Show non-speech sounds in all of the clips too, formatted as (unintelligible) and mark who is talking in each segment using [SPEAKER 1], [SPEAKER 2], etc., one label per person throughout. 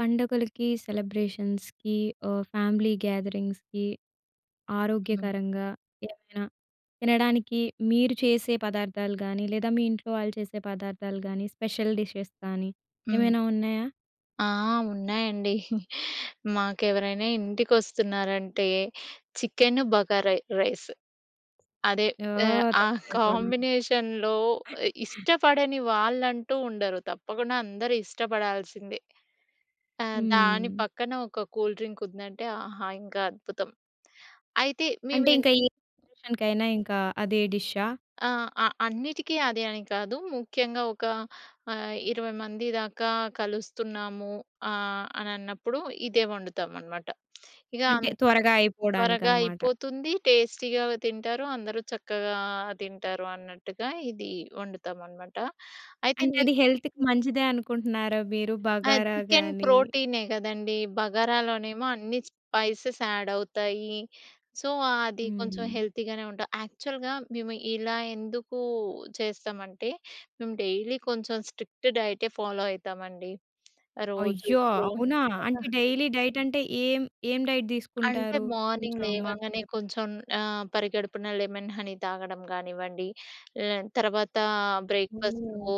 [SPEAKER 1] పండగలకి, సెలబ్రేషన్స్‌కి ఆహ్, ఫ్యామిలీ గ్యాదరింగ్స్‌కి
[SPEAKER 2] హ్మ్.
[SPEAKER 1] ఆరోగ్యకరంగా ఏమైన తినడానికి మీరు చేసే పదార్థాలు గానీ, లేదా మీ ఇంట్లో వాళ్ళు చేసే పదార్థాలు గానీ, స్పెషల్ డిషెస్ గానీ
[SPEAKER 2] హ్మ్.
[SPEAKER 1] ఏమైనా ఉన్నాయా?
[SPEAKER 2] ఆ! ఉన్నాయండి. (chuckles) మాకెవరైనా ఇంటికి వస్తున్నారంటే చికెన్, బగార రైస్ అదే ఆహ్,
[SPEAKER 1] ఓహ్!
[SPEAKER 2] ఆ
[SPEAKER 1] త్వరగా అయిపోవాలని.
[SPEAKER 2] కాంబినేషన్‌లో ఇష్టపడని వాళ్ళంటూ ఉండరు. తప్పకుండా అందరూ ఇష్టపడాల్సిందే. త దాని
[SPEAKER 1] హ్మ్.
[SPEAKER 2] పక్కన ఒక కూల్ డ్రింక్ ఉందంటే, ఆహా! ఇంకా అద్భుతం. అయితే
[SPEAKER 1] అంటే
[SPEAKER 2] మేమేం
[SPEAKER 1] ఇంక ఏ అకేషన్‌కైన ఇంక అదే డిష్షా?
[SPEAKER 2] ఆ! అ అన్నిటికీ అదే అని కాదు ముఖ్యంగా ఒక ఆహ్, 20 మంది దాకా కలుస్తున్నాము ఆహ్, అనన్నప్పుడు ఇదే వండుతాం అనమాట.
[SPEAKER 1] అంటే
[SPEAKER 2] ఇగామ్
[SPEAKER 1] త్వరగా
[SPEAKER 2] త్వరగా
[SPEAKER 1] అయిపోవడానికనమాట.
[SPEAKER 2] అయిపోతుంది, టేస్టీగానే తింటారు. అందరు చక్కగా తింటారు అన్నట్టుగా ఇది వండుతామనమాట. అయితే
[SPEAKER 1] అంటే
[SPEAKER 2] మి
[SPEAKER 1] అది హెల్త్‌కి మంచిదే అనుకుంటున్నారా? మీరు
[SPEAKER 2] ఆ!
[SPEAKER 1] బగారా
[SPEAKER 2] చికెన్
[SPEAKER 1] గాని
[SPEAKER 2] ప్రోటీనే గదండీ, బగరాలోనేమో అన్ని స్పైసెస్ యాడ్ అవుతాయి. సో, ఆది కొంచెం
[SPEAKER 1] హ్మ్.
[SPEAKER 2] హెల్తీగానే ఉంటాయి. యాక్చువల్‌గా మేము ఇలా ఎందుకూ చేస్తామంటే మేము డైలీ కొంచెం స్ట్రిక్ట్ డైటే ఫాలో అయితామండి. రోజూ
[SPEAKER 1] అయ్యో!
[SPEAKER 2] ప్రో
[SPEAKER 1] అవునా!
[SPEAKER 2] కదా!
[SPEAKER 1] అంటే డైలీ డైట్ అంటే ఏం, ఏం డైట్
[SPEAKER 2] అంటే
[SPEAKER 1] తీసుకుంటారు?
[SPEAKER 2] మార్నింగ్
[SPEAKER 1] కొంచెం మాకు కూడా
[SPEAKER 2] లేవంగానే
[SPEAKER 1] చెప్తారా?
[SPEAKER 2] కొంచెం ఆహ్, పరిగడుపున లెమన్ హనీ తాగడం గానివ్వండి, లె తర్వాతా బ్రేక్‌ఫా‌‌స్టూ
[SPEAKER 1] ఓహ్!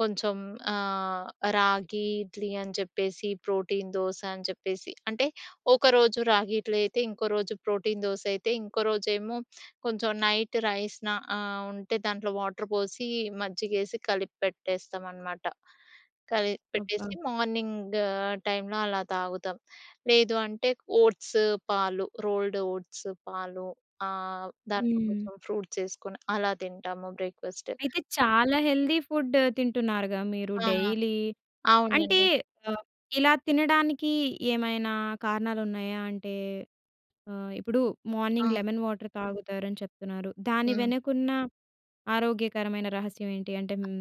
[SPEAKER 2] కొంచెం ఆహ్, రాగి ఇడ్లీ అని చెప్పేసి, ప్రోటీన్ దోస అని చెప్పేసి, అంటే, ఒకరోజు రాగి ఇడ్లీ అయితే ఇంకో రోజు ప్రోటీన్ దోసయితే, ఇంకో రోజేమో కొంచెం నైట్ రైస్‌ నా ఆహ్, ఉంటే దాంట్లో వాటర్ పోసి మజ్జిగేసి కలిప్పెట్టేస్తాం అనమాట. కలిపి పెట్టేసి
[SPEAKER 1] అబ్బా!
[SPEAKER 2] మార్నింగ్ టైంలో అలా తాగుతాం. లేదు అంటే ఓట్స్, పాలు, రోల్డ్ ఓట్స్, పాలు ఆహ్, దాంట్లో
[SPEAKER 1] హ్మ్.
[SPEAKER 2] కొంచెం ఫ్రూట్స్ ఏసుకొని అలా తింటాము బ్రేక్‌ఫా‌స్ట్.
[SPEAKER 1] అయితే చాలా హెల్తీ ఫుడ్ తింటున్నారుగా మీరు
[SPEAKER 2] ఆ!
[SPEAKER 1] డైలీ. అంటే
[SPEAKER 2] అవునండి.
[SPEAKER 1] ఆహ్, ఇలా తినడానికీ ఏమైనా కారణాలున్నాయా? అంటే ఆహ్, ఇప్పుడు మార్నింగ్
[SPEAKER 2] ఆ!
[SPEAKER 1] లెమన్ వాటర్ తాగుతారని చెప్తున్నారు. దాని
[SPEAKER 2] హ్మ్.
[SPEAKER 1] వెనకున్న ఆరోగ్యకరమైన రహస్యం ఏంటి? అంటే
[SPEAKER 2] అ
[SPEAKER 1] హ్మ్.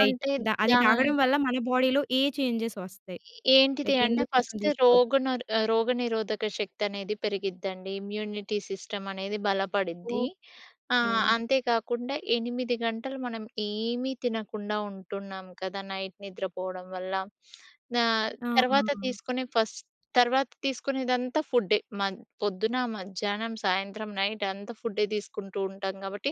[SPEAKER 2] అ అంటే
[SPEAKER 1] అది
[SPEAKER 2] దా
[SPEAKER 1] తాగడం వల్ల మన బాడీ‌లో ఏ చేంజెస్ ఒస్తయి?
[SPEAKER 2] ఏంటిది
[SPEAKER 1] లైక్
[SPEAKER 2] అంటే
[SPEAKER 1] ఎందుకోసం
[SPEAKER 2] ఫస్ట్
[SPEAKER 1] తీసుకోవచ్చు?
[SPEAKER 2] రోగనర్ రోగనిరోధక శక్తి అనేది పెరిగిద్దండి. ఇమ్యూనిటీ సిస్టమ్ అనేది బలపడిద్ది.
[SPEAKER 1] ఓకె.
[SPEAKER 2] ఆహ్, అంతే గాకుండా 8 గంటలు మనం ఏమి తినకుండా ఉంటున్నాం కదా! నైట్ నిద్ర పోవడం వల్ల ఆహ్,
[SPEAKER 1] ఆ! ఆ!
[SPEAKER 2] తర్వాత
[SPEAKER 1] ఆ!
[SPEAKER 2] తీసుకునే ఫస్ట్ తర్వాత తీసుకునేదంతా ఫుడ్డే. మన్ పొద్దున, మధ్యాహ్నం, సాయంత్రం, నైట్ అంతా ఫుడ్డే తీసుకుంటూ ఉంటాం కాబట్టి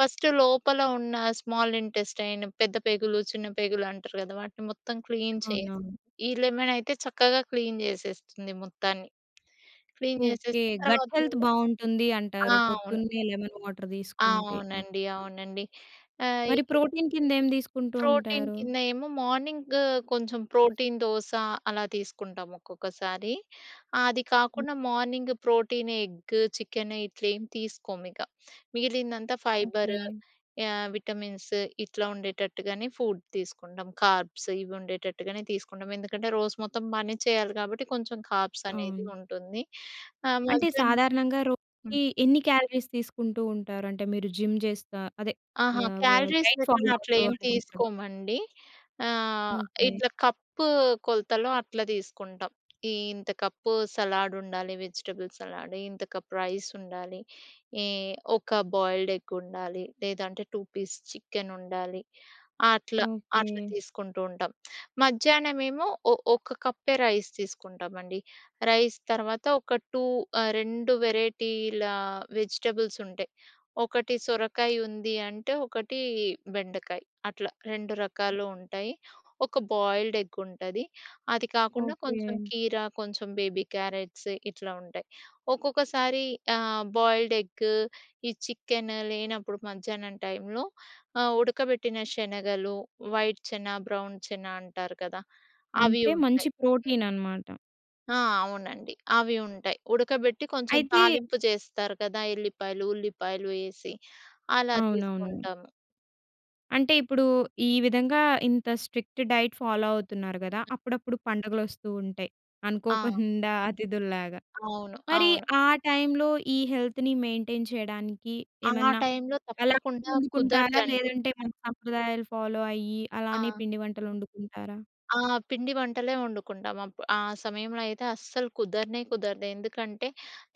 [SPEAKER 2] ఫస్ట్ లోపల ఉన్న స్మాల్ ఇంటెస్టైన్, పెద్ద పేగులు, చిన్న పేగులు అంటారు గదా! వాటిని మొత్తం క్లీన్ చేసి,
[SPEAKER 1] అవునవును.
[SPEAKER 2] ఈ లెమన్ అయితే చక్కగా క్లీన్ చేసేస్తుంది మొత్తాన్ని. Clean
[SPEAKER 1] okay.
[SPEAKER 2] చేసేస్తే
[SPEAKER 1] గట్
[SPEAKER 2] తర్వాత
[SPEAKER 1] హెల్త్
[SPEAKER 2] నుండి
[SPEAKER 1] బాగుంటుంది
[SPEAKER 2] ఆ!
[SPEAKER 1] అంటారు.
[SPEAKER 2] అవును.
[SPEAKER 1] పొద్దున్నే లెమన్ వాటర్
[SPEAKER 2] ఆ!
[SPEAKER 1] తీసుకుంటే
[SPEAKER 2] అవునండి,
[SPEAKER 1] మంచిగా
[SPEAKER 2] అవునండి. ఆహ్,
[SPEAKER 1] మరి
[SPEAKER 2] ఇ
[SPEAKER 1] ప్రోటీన్ కింద ఏం తీసుకుంటూ
[SPEAKER 2] ప్రోటీన్
[SPEAKER 1] ఉంటారు?
[SPEAKER 2] కింద ఏమో మార్నింగ్ కొంచెం ప్రోటీన్ దోస అలా తీసుకుంటాం ఒక్కొక్కసారి. ఆహ్, అది
[SPEAKER 1] హ్మ్.
[SPEAKER 2] కాకుండా మార్నింగ్ ప్రోటీన్ ఎగ్, చికెన్ ఇట్లేమి తీసుకోమిక. మిగిలిందంతా ఫైబర్,
[SPEAKER 1] ఓకె.
[SPEAKER 2] ఆహ్, విటమిన్స్ ఇట్లా ఉండేటట్టుగానే ఫుడ్ తీసుకుంటాం. కార్బ్స్ ఇవి ఉండేటట్టుగానే తీసుకుంటాం ఎందుకంటే రోజు మొత్తం పని చేయాలి కాబట్టి కొంచెం కార్బ్స్ అనేది
[SPEAKER 1] అవును.
[SPEAKER 2] ఉంటుంది. ఆహ్,
[SPEAKER 1] అంటే
[SPEAKER 2] మధ్యాహ్నం
[SPEAKER 1] సాధారణంగా
[SPEAKER 2] హ్మ్.
[SPEAKER 1] రోజుకి ఎన్ని క్యాలరీస్ తీసుకుంటూ ఉంటారు? అంటే మీరు జిమ్ చేస్తా అదే,
[SPEAKER 2] ఆహా!
[SPEAKER 1] మా వ వార్డ్
[SPEAKER 2] క్యాలరీస్
[SPEAKER 1] డైట్
[SPEAKER 2] లెక్కన
[SPEAKER 1] ఫాలో
[SPEAKER 2] అట్లా
[SPEAKER 1] అవుతూ
[SPEAKER 2] ఏం
[SPEAKER 1] (unintelligible)
[SPEAKER 2] తీసుకోమండి. ఆహ్,
[SPEAKER 1] ఓకె.
[SPEAKER 2] ఇట్లా కప్పు కొలతలో అట్లా తీసుకుంటాం. ఇంత కప్పు సలాడ్ ఉండాలి, వెజిటబుల్ సలాడ్, ఇంత కప్ రైస్ ఉండాలి, ఈ ఒక బాయిల్డ్ ఎగ్ ఉండాలి. లేదంటే 2 పీస్ చికెన్ ఉండాలి అట్లా అట్లా
[SPEAKER 1] ఓకె.
[SPEAKER 2] తీసుకుంటూ ఉంటాం. మధ్యాహ్నం ఏమో ఒ ఒక కప్పే రైస్ తీసుకుంటామండి. రైస్ తర్వాత ఒక 2 ఆహ్, 2 వెరైటీల వెజిటబుల్స్ ఉంటాయి. ఒకటి సొరకాయ ఉంది అంటే, ఒకటి బెండకాయ్ అట్లా 2 రకాలు ఉంటాయి. ఒక బాయిల్డ్ ఎగ్ ఉంటది, అది కాకుండా కొంచెం
[SPEAKER 1] ఓకె.
[SPEAKER 2] కీర, కొంచెం బేబీ క్యారట్స్ ఇట్లా ఉంటాయి. ఒక్కొక్కసారి ఆహ్, బాయిల్డ్ ఎగ్ ఈ చికెన్ లేనప్పుడు మధ్యాహ్నం టైంలో ఆహ్, ఉడకబెట్టిన శనగలు, వైట్ చెన, బ్రౌన్ చెన అంటారు కదా! అవి
[SPEAKER 1] అంటే మంచి
[SPEAKER 2] ఉంటాయి. హ్మ్.
[SPEAKER 1] ప్రోటీన్ అనమాట.
[SPEAKER 2] ఆ! అవునండి. అవి ఉంటాయి. ఉడకబెట్టి కొంచెం
[SPEAKER 1] అయితే
[SPEAKER 2] తాలింపు చేస్తారు కదా! ఎల్లిపాయలు, ఉల్లిపాయలు ఏసి అలా
[SPEAKER 1] అవునవునవును.
[SPEAKER 2] తీసుకుంటాము.
[SPEAKER 1] అంటే ఇప్పుడు, ఈ విధంగా ఇంత స్ట్రిక్ట్ డైట్ ఫాలో అవుతున్నారు గదా! అప్పుడప్పుడు పండగలు వస్తూ ఉంటాయి
[SPEAKER 2] ఆ!
[SPEAKER 1] అనుకోకుండా (giggles) అతిథుల్లాగా.
[SPEAKER 2] అవును.
[SPEAKER 1] మరి
[SPEAKER 2] అవును.
[SPEAKER 1] ఆ టైంలో ఈ హెల్త్‌ని మెయింటైన్ చేయడానికి
[SPEAKER 2] ఆ
[SPEAKER 1] ఏమన్నా
[SPEAKER 2] టైంలో
[SPEAKER 1] అలా
[SPEAKER 2] తప్పకుండా
[SPEAKER 1] వండుకుంటారా,
[SPEAKER 2] కుదరదండి.
[SPEAKER 1] లేదంటే మన సంప్రదాయాలు ఫాలో అయ్యి అలానే
[SPEAKER 2] ఆ!
[SPEAKER 1] పిండి వంటలు వండుకుంటారా?
[SPEAKER 2] ఆ! పిండి వంటలే వండుకుంటాం. అప్ ఆ సమయంలో అయితే అస్సలు కుదరనే కుదరదు. ఎందుకంటే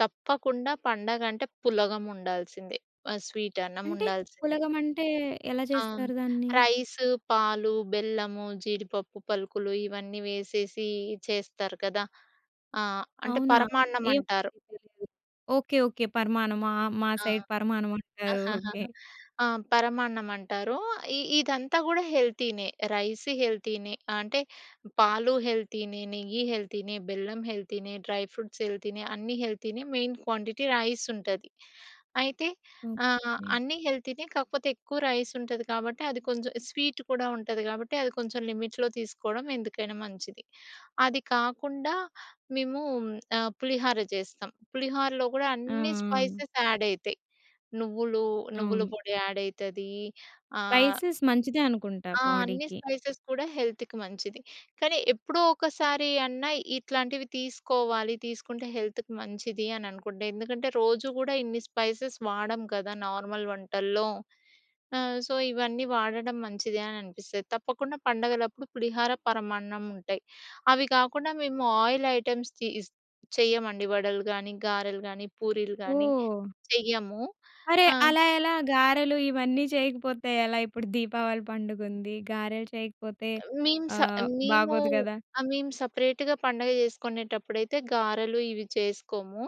[SPEAKER 2] తప్పకుండా పండగ అంటే పులగం ఉండాల్సిందే. ఆ స్వీట్ అన్నం
[SPEAKER 1] అంటే?
[SPEAKER 2] ఉండాల్సిందే.
[SPEAKER 1] పులగం అంటే ఎలా
[SPEAKER 2] ఆ!
[SPEAKER 1] చేస్తారు దాన్ని?
[SPEAKER 2] రైస్, పాలు, బెల్లము, జీడిపప్పు పలుకులు ఇవన్నీ వేసేసి చేస్తారు కదా! ఆ! అంటే
[SPEAKER 1] అవునా!
[SPEAKER 2] పరమాన్నం అంటారు.
[SPEAKER 1] ఏమోనండి తెలీదు. ఓకే. ఓకే. పరమాణ‌మా! మా
[SPEAKER 2] ఆ!
[SPEAKER 1] సైడ్ పరమాణం అంటారు. ఓకే.
[SPEAKER 2] (chuckles) ఆ! పరమాన్నం అంటారు. ఇ ఇదంతా కూడా హెల్తీనే. రైస్ హెల్తీనే, అంటే, పాలు హెల్తీనే, నెయ్యి హెల్తీనే, బెల్లం హెల్తీనే, డ్రై ఫ్రూట్స్ హెల్తీనే. అన్నీ మెయిన్ క్వాంటిటీ రైస్ ఉంటది. అయితే ఆహ్,
[SPEAKER 1] ఓకే.
[SPEAKER 2] అన్నీ హెల్తీనే, కాకపోతే ఎక్కువ రైస్ ఉంటది కాబట్టి, అది కొంచెం స్వీట్ కూడా ఉంటది కాబట్టి, అది కొంచెం లిమిట్‌లో తీసుకోవడం ఎందుకైనా మంచిది. అది కాకుండా మేము ఆ పులిహార చేస్తాం. పులిహోరలో కూడా
[SPEAKER 1] ఆ‌!
[SPEAKER 2] అన్ని
[SPEAKER 1] ఆ!
[SPEAKER 2] స్పైసెస్ యాడ్ అయితాయి. నువ్వులు, నువ్వుల
[SPEAKER 1] అవును.
[SPEAKER 2] పొడి యాడ్ అయితది. ఆహ్
[SPEAKER 1] స్పై‌సే‌స్ మంచిదే అనుకుంటా
[SPEAKER 2] ఆ! అన్ని
[SPEAKER 1] బాడీ‌కి.
[SPEAKER 2] స్పైసెస్ కూడా హెల్త్‌కి మంచిది. కానీ ఎప్పుడో ఒకసారి అన్నా ఇట్లాంటివి తీసుకోవాలి. తీసుకుంటే హెల్త్‌కి మంచిది అని అనుకుంటే, ఎందుకంటే రోజు కూడా ఇన్ని స్పైసెస్ వాడం కదా! నార్మల్ వంటల్లో. ఆ సో, ఇవన్నీ వాడడం మంచిది అని అనిపిస్తది. తప్పకుండా పండగలప్పుడు పులిహార, పరమాన్నం ఉంటాయి. అవి కాకుండా మేము ఆయిల్ ఐటెమ్‌స్ తిస్ చెయ్యమండి వడలు గానీ, గారెలు గానీ, పూరీలు గానీ
[SPEAKER 1] ఓహ్!
[SPEAKER 2] చెయ్యము.
[SPEAKER 1] అరే!
[SPEAKER 2] ఆ!
[SPEAKER 1] అలా ఎలా గారెలు ఇవన్నీ చేయకపోతే ఎలా? ఇప్పుడు దీపావళి పండుగ ఉంది. గారెలు చేయకపోతే
[SPEAKER 2] మేం స
[SPEAKER 1] ఆహ్,
[SPEAKER 2] మేము
[SPEAKER 1] బాగోదు గదా!
[SPEAKER 2] ఆ మేము సెపరేట్‌గా పండగ చేసుకునేటప్పుడైతే గారెలు ఇవి చేసుకోము.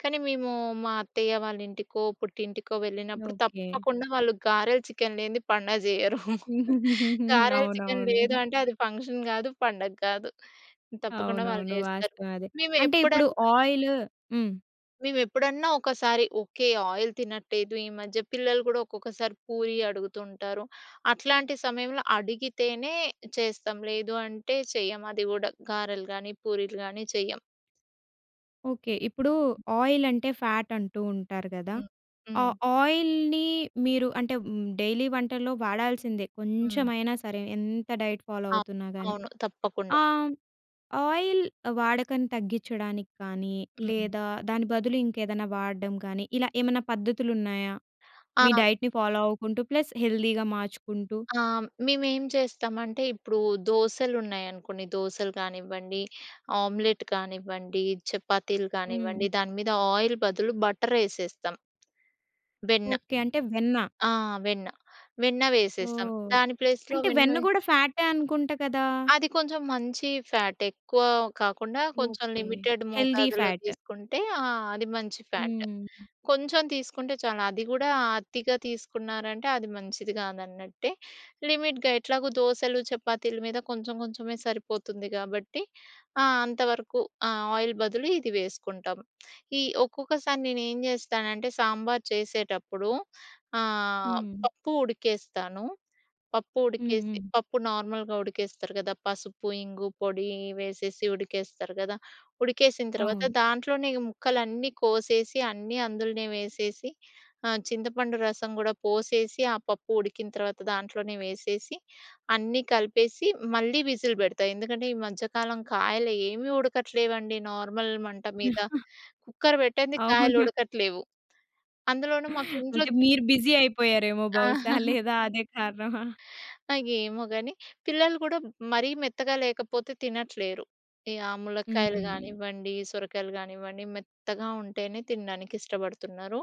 [SPEAKER 2] కానీ మేము మా అత్తయ్య వాళ్ళ ఇంటికో, పుట్టింటికో వెళ్ళినప్పుడు
[SPEAKER 1] ఓకే.
[SPEAKER 2] తప్పకుండా వాళ్ళు గారెలు, చికెన్ లేనిది పండగ జేయరు. (chuckles)
[SPEAKER 1] (chuckles)
[SPEAKER 2] గారెలు, చికెన్ లేదు
[SPEAKER 1] అవునవును.
[SPEAKER 2] అంటే అది ఫంక్షన్ గాదు, పండగ గాదు. తప్పకుండా వాళ్ళు
[SPEAKER 1] అవునవును.
[SPEAKER 2] చేస్తారు.
[SPEAKER 1] వాస్తవం అదే.
[SPEAKER 2] మేము
[SPEAKER 1] అంటే ఇప్పుడు
[SPEAKER 2] ఎప్పుడన్నా.
[SPEAKER 1] ఆయి‌లూ హ్మ్.
[SPEAKER 2] మేము ఎప్పుడన్నా ఒకసారి, ఓకె ఆయిల్ తినట్లేదు. ఈ మధ్య పిల్లలు గూడా ఒక్కొక్కసారి పూరి అడుగుతూ ఉంటారు. అట్లాంటి సమయంలో అడిగితేనే చేస్తాం. లేదు అంటే చెయ్యం. అది గూడా గారెలు గాని, పూరీలు కాని చెయ్యం.
[SPEAKER 1] ఓకె. ఇప్పుడు ఆయిల్ అంటే, ఫాట్ అంటూ ఉంటారు గదా?
[SPEAKER 2] హ్మ్,
[SPEAKER 1] ఆ
[SPEAKER 2] హ్మ్.
[SPEAKER 1] ఆయిల్‌ని మీరు అంటే హ్మ్, డైలీ వంటల్లో వాడాల్సిందే
[SPEAKER 2] హ్మ్.
[SPEAKER 1] కొంచెమైనా సరే. ఎంత డైట్ ఫాలో
[SPEAKER 2] అవును,
[SPEAKER 1] అవుతున్నా గాని.
[SPEAKER 2] అవును. తప్పకుండా.
[SPEAKER 1] ఆ! ఆయిల్ వాడకను తగ్గించడానికి కానీ,
[SPEAKER 2] హ్మ్.
[SPEAKER 1] లేదా దాని బదులు ఇంకేదైనా వాడడం గానీ ఇలా ఏమన్నా పద్ధతులు ఉన్నాయా? మీ
[SPEAKER 2] ఆ!
[SPEAKER 1] డైట్‌ని ఫాలో అవుకుంటూ ప్లస్ హెల్తీ‌గా మార్చుకుంటూ.
[SPEAKER 2] ఆ! మేము ఏం చేస్తామంటే ఇప్పుడు దోసలు ఉన్నాయనుకోండి దోసలు గానివ్వండి, ఆమ్లెట్ కానివ్వండి, చపాతీలు
[SPEAKER 1] హ్మ్.
[SPEAKER 2] గానివ్వండి దాని మీద ఆయిల్ బదులు బటర్ ఎసేస్తాం. వెన్న.
[SPEAKER 1] ఓకె. అంటే వెన్న?
[SPEAKER 2] ఆ! వెన్న. వెన్న వేసేస్తాం.
[SPEAKER 1] ఓహ్!
[SPEAKER 2] దాని ప్లేస్‌లో
[SPEAKER 1] అంటే
[SPEAKER 2] వెన్న
[SPEAKER 1] వెన్న
[SPEAKER 2] వే
[SPEAKER 1] గూడా ఫాటే అనుకుంట గదా?
[SPEAKER 2] అది కొంచెం మంచి ఫ్యాట్. ఎక్కువ కాకుండా కొంచెం
[SPEAKER 1] ఓకె.
[SPEAKER 2] లిమిటెడ్
[SPEAKER 1] హెల్తీ
[SPEAKER 2] మోతాదులో
[SPEAKER 1] ఫాట్.
[SPEAKER 2] తీసుకుంటే ఆ! అది మంచి ఫ్యాట్.
[SPEAKER 1] హ్మ్.
[SPEAKER 2] కొంచెం తీసుకుంటే చాలు, అది గూడా అతిగా తీసుకున్నారంటే, అది మంచిది గాదన్నట్టే. లిమిట్‌గా ఎట్లాగో దోసలు, చపాతీలు మీద కొంచెం కొంచెమే సరిపోతుంది గాబట్టి. ఆ! అంతవరకు ఆ ఆయిల్ బదులు ఇది వేసుకుంటాం. ఈ ఒక్కొక్కసారి నేను ఏం జెస్తానంటే, సాంబార్ చేసేటప్పుడు ఆహ్,
[SPEAKER 1] హ్మ్.
[SPEAKER 2] పప్పు ఉడికేస్తాను. పప్పు
[SPEAKER 1] హ్మ్,
[SPEAKER 2] ఉడికేసి,
[SPEAKER 1] హ్మ్.
[SPEAKER 2] పప్పు నార్మల్‌గా ఉడికేస్తరు గదా! పసుపు, ఇంగు పొడి వేసేసి ఉడికేస్తరు గదా! ఉడికేసిన తర్వాత
[SPEAKER 1] అవును.
[SPEAKER 2] దాంట్లోనే ముక్కలన్నీ కోసేసి, అన్నీ అందులోనే వేసేసి, ఆహ్, చింతపండు రసం గూడా పోసేసి, ఆ పప్పు ఉడికిన తర్వాత దాంట్లోనే వేసేసి, అన్నీ కలిపేసి మళ్ళీ విజిల్ పెడతా. ఎందుకంటే ఈ మధ్యకాలం కాయలు ఏమీ ఉడకట్లేవండి. నార్మల్ మంట మీద.
[SPEAKER 1] (giggles)
[SPEAKER 2] కుక్కర్ పెట్టంది కాయలు
[SPEAKER 1] అవును.
[SPEAKER 2] ఉడకట్లేవు. అందులోనూ మాకు ఇంట్లో
[SPEAKER 1] అంటే
[SPEAKER 2] చిన్
[SPEAKER 1] మీరు బిసీ అయిపోయారేమో
[SPEAKER 2] ఆ!
[SPEAKER 1] బహుశా
[SPEAKER 2] (chuckles)
[SPEAKER 1] లేదా అదే కారణమా?
[SPEAKER 2] (gasps) ఇగ ఎమో గని, పిల్లలు గూడా మరీ మెత్తగా లేకపోతే తినట్లేరు. ఈ ఆ ములకాయలు
[SPEAKER 1] హుహు.
[SPEAKER 2] గానివ్వండి, సొరకాయలు గానివ్వండి మెత్తగా ఉంటేనే తినడానికి ఇష్టపడుతున్నారు.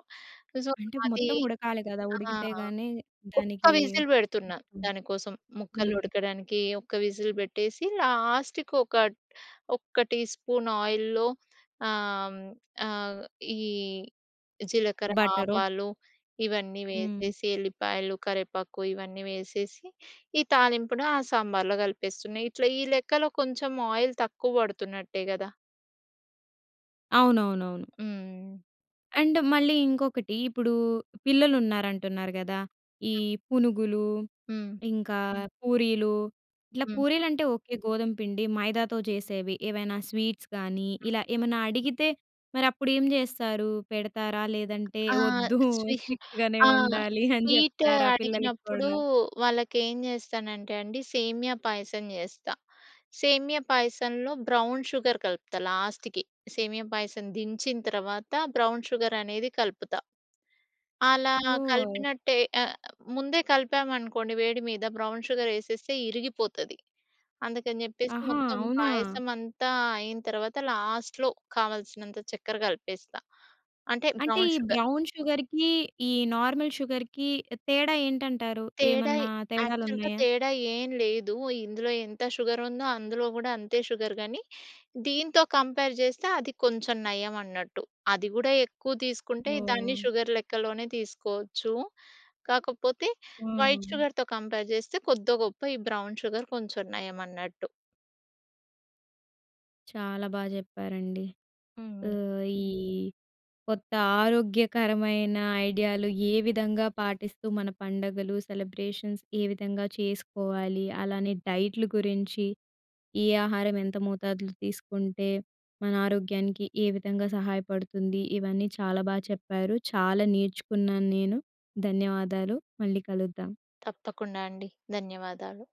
[SPEAKER 2] సో
[SPEAKER 1] అంటే
[SPEAKER 2] అది
[SPEAKER 1] మొత్తం ఉడకాలి గదా!
[SPEAKER 2] ఆ!
[SPEAKER 1] ఉడికితే గాని
[SPEAKER 2] ఒక్క
[SPEAKER 1] దానికి
[SPEAKER 2] విజిల్ పెడుతున్న దానికోసం. ముక్కలు
[SPEAKER 1] హ్మ్.
[SPEAKER 2] ఉడకడానికి ఒక్క విజిల్ పెట్టేసి లాస్ట్‌కి ఒక ఒక్క టీ-స్పూన్ ఆయిల్‌లో ఆహ్, ఆహ్, ఈ జీలకర్ర,
[SPEAKER 1] బటరో.
[SPEAKER 2] ఆవాలు ఇవన్నీ
[SPEAKER 1] హ్మ్.
[SPEAKER 2] వేసేసి ఎల్లిపాయలు, కరివేపాకు ఇవన్నీ వేసేసి, ఈ తాలింపును ఆ సాంబార్‌లో కలిపేస్తున్న. ఇట్లా ఈ లెక్కలో కొంచెం ఆయిల్ తక్కువ పడుతున్నట్టే గదా!
[SPEAKER 1] అవునవునవును.
[SPEAKER 2] హ్మ్.
[SPEAKER 1] అండ్ మళ్ళీ ఇంకొకటి ఇప్పుడు పిల్లలున్నారంటున్నారు గదా! ఈ పునుగులు,
[SPEAKER 2] హ్మ్.
[SPEAKER 1] ఇంకా పూరీలు ఇట్లా
[SPEAKER 2] హ్మ్.
[SPEAKER 1] పూరీలుంటే ఓకే. గోధుమ పిండి. మైదాతో చేసేవి, ఏవైనా స్వీట్స్ గానీ ఇలా ఏమన్నా అడిగితే మరి అప్పుడు ఏం జేస్తారు? పెడతారా! లేదంటే
[SPEAKER 2] ఆ!
[SPEAKER 1] వద్దు
[SPEAKER 2] స్వి (giggles)
[SPEAKER 1] స్ట్రిక్ట్‌గానే
[SPEAKER 2] ఆ!
[SPEAKER 1] ఉండాలి అని
[SPEAKER 2] స్వీట్
[SPEAKER 1] చెప్తారా? పిల్లలకి
[SPEAKER 2] అడిగినప్పుడు
[SPEAKER 1] గూడా.
[SPEAKER 2] వాళ్ళకి ఏం జేస్తానంటే అండి సేమియా పాయసం జేస్తా. సేమియా పాయసంలో బ్రౌన్ షుగర్ కలుపుతా లాస్ట్‌కి. సేమియా పాయసం దించిన తర్వాత బ్రౌన్ షుగర్ అనేది కలుపుతా. అలా
[SPEAKER 1] సో
[SPEAKER 2] కలిపినట్టే ఆహ్, ముందే కలిపాము అనుకోండి వేడి మీద బ్రౌన్ షుగర్ వేసేస్తే ఇరిగిపోతది. అందుకని చెప్పేసి
[SPEAKER 1] ఆహా!
[SPEAKER 2] మొత్తం
[SPEAKER 1] అవునా!
[SPEAKER 2] పాయసం అంతా అయిన తరువాత లాస్ట్‌లో కావాల్సినంత చక్కెర కలిపేస్తా అంటే
[SPEAKER 1] అంటే
[SPEAKER 2] బ్రౌన్
[SPEAKER 1] ఈ
[SPEAKER 2] షుగర్.
[SPEAKER 1] బ్రౌన్ షుగర్‌కి ఈ నార్మల్ షుగర్‌కి తేడా ఏంటంటారు?
[SPEAKER 2] తేడా
[SPEAKER 1] ఏమన్నా
[SPEAKER 2] యాక్చువల్‌గా
[SPEAKER 1] తేడాలున్నాయా?
[SPEAKER 2] తేడా ఏం లేదు ఇందులో ఎంత షుగర్ ఉందో అందులో కూడా అంతే షుగర్ గానీ. దీంతో కంపేర్ చేస్తే అది కొంచెం నయం అన్నట్టు. అది కూడా ఎక్కువ తీసుకుంటే దాన్ని
[SPEAKER 1] ఓహ్!
[SPEAKER 2] షుగర్ లెక్కలోనే తీసుకోవచ్చు. కాకపోతే వైట్
[SPEAKER 1] హ్మ్.
[SPEAKER 2] షుగర్‌తో కంపేర్ చేస్తే కొద్దో గొప్పో ఈ బ్రౌన్ షుగర్ కొంచెం నయం అన్నట్టు.
[SPEAKER 1] చాలా బాగా చెప్పారండి.
[SPEAKER 2] హ్మ్.
[SPEAKER 1] ఆహ్, ఈ కొత్త ఆరోగ్యకరమైన ఐడియాలు ఏ విధంగా పాటిస్తూ మన పండుగలు సెలబ్రేషన్స్ ఏ విధంగా చేసుకోవాలి? అలానే డైట్‌లు గురించి, ఏ ఆహారం ఎంత మోతాదులో తీసుకుంటే మన ఆరోగ్యానికి ఏ విధంగా సహాయపడుతుంది. ఇవన్నీ చాలా బాగా చెప్పారు చాలా నేర్చుకున్నాను నేను. ధన్యవాదాలు. మళ్ళీ కలుద్దాం.
[SPEAKER 2] తప్పకుండా అండి. ధన్యవాదాలు.